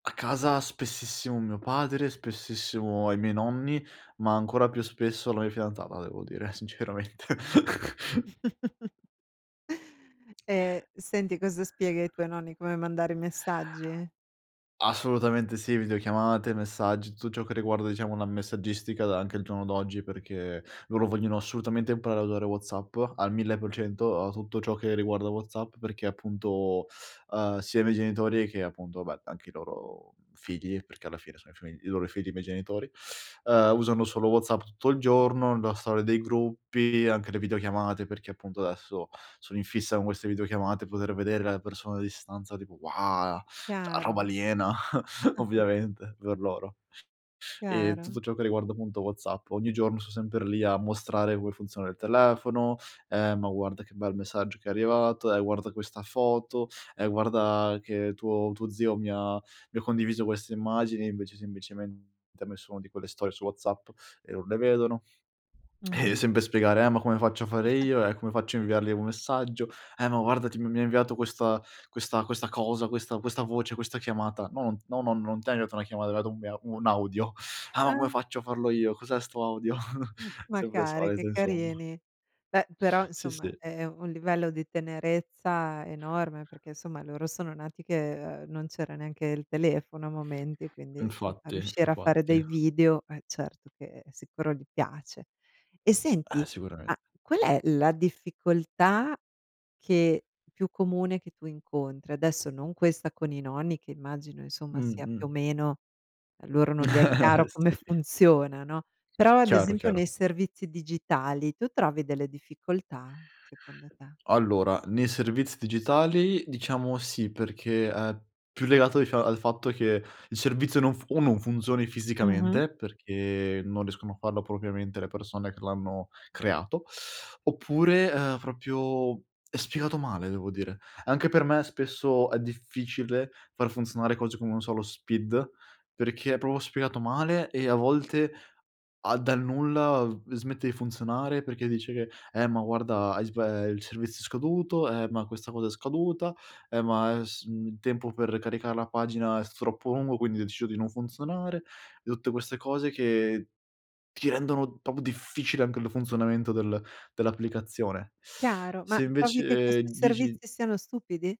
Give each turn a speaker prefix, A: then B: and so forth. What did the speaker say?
A: A casa spessissimo mio padre, spessissimo ai miei nonni, ma ancora più spesso la mia fidanzata devo dire, sinceramente.
B: Ehm, senti, cosa spieghi ai tuoi nonni? Come mandare i messaggi?
A: Assolutamente sì, videochiamate, messaggi, tutto ciò che riguarda diciamo una messaggistica da anche al giorno d'oggi, perché loro vogliono assolutamente imparare a usare WhatsApp al 1000%, a tutto ciò che riguarda WhatsApp, perché appunto, uhm, sia i miei genitori che appunto vabbè anche i loro, mhmm, figli, perché alla fine sono i fi i loro figli, i miei genitori, uhm, usano solo WhatsApp tutto il giorno. La storia dei gruppi, anche le videochiamate, perché appunto adesso sono in fissa con queste videochiamate, poter vedere la persona a distanza tipo: "ua!" Cioè,
B: Chiaro,
A: roba
B: no?
A: aliena ovviamente per loro. E tutto
B: Chiaro.
A: ciò che riguarda appunto WhatsApp, ogni giorno son sempre lì a mostrare come funziona il telefono, ehm, "Ma guarda che bel messaggio che è arrivato, e guarda questa foto, e guarda che tuo tuo zio mi ha mi ha condiviso queste immagini", e invece semplicemente ha messo una di quelle storie su WhatsApp e non le vedono. Eh,
B: Mh-mh.
A: sempre spiegare: "Eh, ma come faccio a fare io? E come faccio a inviargli un messaggio? Eh, ma guarda ti m mi ha inviato questa questa questa cosa, questa questa voce, questa chiamata". "No. No, nonno non t'è arrivata una chiamata, è arrivato un [unintelligible] un audio". "Ah, ma come
B: Ah.
A: faccio a farlo io? Cos'è sto audio?"
B: Ma
A: Sempre le
B: cari,
A: solite
B: che
A: insomma.
B: carini. Beh, però
A: Sì,
B: insomma
A: sì.
B: è un livello di tenerezza enorme, perché insomma loro sono nati che, uhm, non c'era neanche il telefono a momenti, quindi insomma
A: Infatti,
B: riuscire a fare
A: infatti.
B: dei video, eh, certo che sicuro gli piace. E
A: Eh,
B: senti,
A: sicuramen
B: ma qual è la difficoltà che più comune che tu incontri? Adesso non questa con i nonni, che immagino insomma sia più o
A: Mh-mh.
B: meno a loro non gli è chiaro come
A: Sì.
B: funziona, no; però ad
A: Chiaro,
B: esempio
A: chiaro.
B: nei servizi digitali tu trovi delle difficoltà, secondo te?
A: Allora, nei servizi digitali diciamo sì, perché, ehm, più legato dic al fatto che il servizio non fu o non funzioni
B: Mh-mh.
A: fisicamente, perché non riescono a farlo propriamente le persone che l'hanno creato; oppure, ehm, proprio è spiegato male devo dire. Anche per me spesso è difficile far funzionare cose come, non so, lo SPID, perché è proprio spiegato male e a volte a dal nulla, uhm, smette di funzionare perché dice che: "Eh, ma guarda hai sba ehm, il servizio scaduto. Eh, ma questa cosa è scaduta. Eh, ma è s mhmm, il tempo per caricare la pagina è s troppo lungo, quindi ho deciso di non funzionare", e tutte queste cose che ti rendono proprio difficile anche il funzionamento del dell'applicazione.
B: Chiaro, ma
A: Se
B: trovi che
A: invece
B: questi
A: digi
B: servizi siano stupidi?